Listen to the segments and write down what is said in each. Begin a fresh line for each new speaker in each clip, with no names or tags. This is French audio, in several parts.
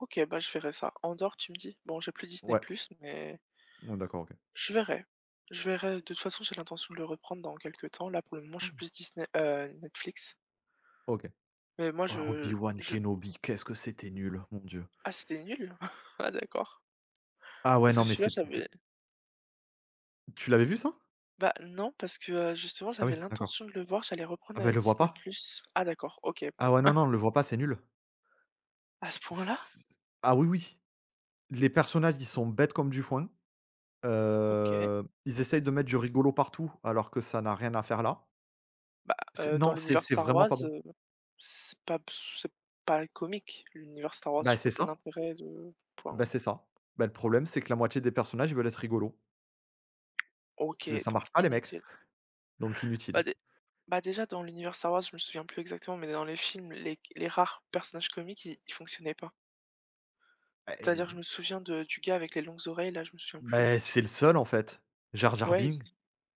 OK, bah, je verrai ça. Andor, tu me dis? Bon j'ai plus Disney+
Ouais.
mais
Mmh, d'accord, OK.
Je verrai. Je verrai. De toute façon j'ai l'intention de le reprendre dans quelque temps. Là pour le moment je suis plus
[unintelligible]
Disney heu, Netflix.
OK.
Mais moi
Oh, Obi
je
Wan
je
Kenobi, qu'est-ce que c'était nul, mon dieu!
Ah c'était nul? Ah d'accord.
Ah, ouais
Parce
non
que
mais,
celui-là
c'est c
j'avais
Tu l'avais vu, ça?
Bah, non parce que, heu, justement,
Ah,
j'avais
oui, d'accord.
l'intention de le voir, j'allais
Ah,
reprendre,
bah
heu,
le vois
Disney+.
pas.
Ah d'accord, OK, bon.
Ah, ouais non, non, le vois pas, c'est nul!
À ce point-là?
c Ah, oui, oui! Les personnages ils sont bêtes comme du foin,
OK.
heu, ils essayent de mettre du rigolo partout alors que ça n'a rien à faire là.
Bah,
C'est
heu,
non,
dans
c'est
l'univers
c'est
Star
vraiment
Wars,
pas bon.
heu, c'est pas ps c'est pas comique, l'univers Star Wars,
Bah,
je
c'est
vois pas
ça.
l'intérêt de enfin.
Bah, c'est ça. Bah le problème c'est que la moitié des personnages ils veulent être rigolos. C'est
OK,
ça
donc
marche pas, les mecs,
inutile.
donc inutile.
Bah dé bah déjà, dans l'univers Star Wars, je me souviens plus exactement, mais dans les films, les les rares personnages comiques ils ils fonctionnaient pas.
Bah et
C'est-à-dire, je me souviens de du gars avec les longues oreilles là, je me souviens plus.
Bah, c'est le seul, en fait. Jar Jar
Ouais et c
Bing.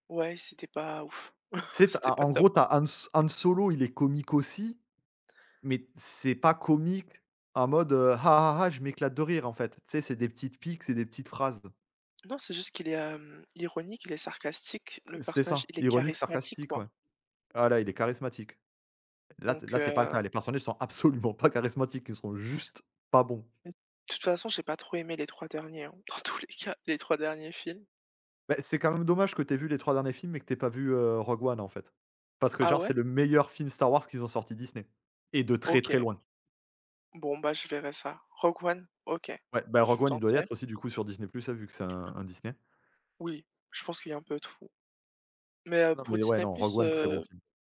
ouais, et c'était pas ouf,
Tu sais, tu
c'était
as, en
pas
en
top.
gros tu as Han So Han Solo il est comique aussi, mais c'est pas comique en mode, heu: «Ah ah ah, je m'éclate de rire», en fait. Tu sais c'est des petites piques, c'est des petites phrases.
Non c'est juste qu'il est, hem, ironique, il est sarcastique, le
C'est
personnage,
ça,
il est
ironique,
charismatique,
sarcastique,
quoi.
ouais. Voilà, il est charismatique. Là c
Donc,
là c'est pas le
heu
cas, les personnages sont absolument pas charismatiques, ils sont juste pas bons.
De toute façon j'ai pas trop aimé les 3 derniers, hein, dans tous les cas, les 3 derniers films.
Bah c'est quand même dommage que tu aies vu les 3 derniers films et que tu aies pas vu, heu, Rogue One, en fait. Parce que,
Ah
genre,
ouais?
c'est le meilleur film Star Wars qu'ils ont sorti Disney, et de très, très
OK.
loin.
Bon, bah je verrai ça. Rogue One? OK.
Ouais, bah, Rogue
Je
One, il doit y
tenterai.
être aussi du coup sur Disney+ vu que c'est un un Disney.
Oui, je pense qu'il y a un peu tout. Mais, heu,
Non,
pour
mais ouais
Disney+,
non Rogue One, très bon
heu
film.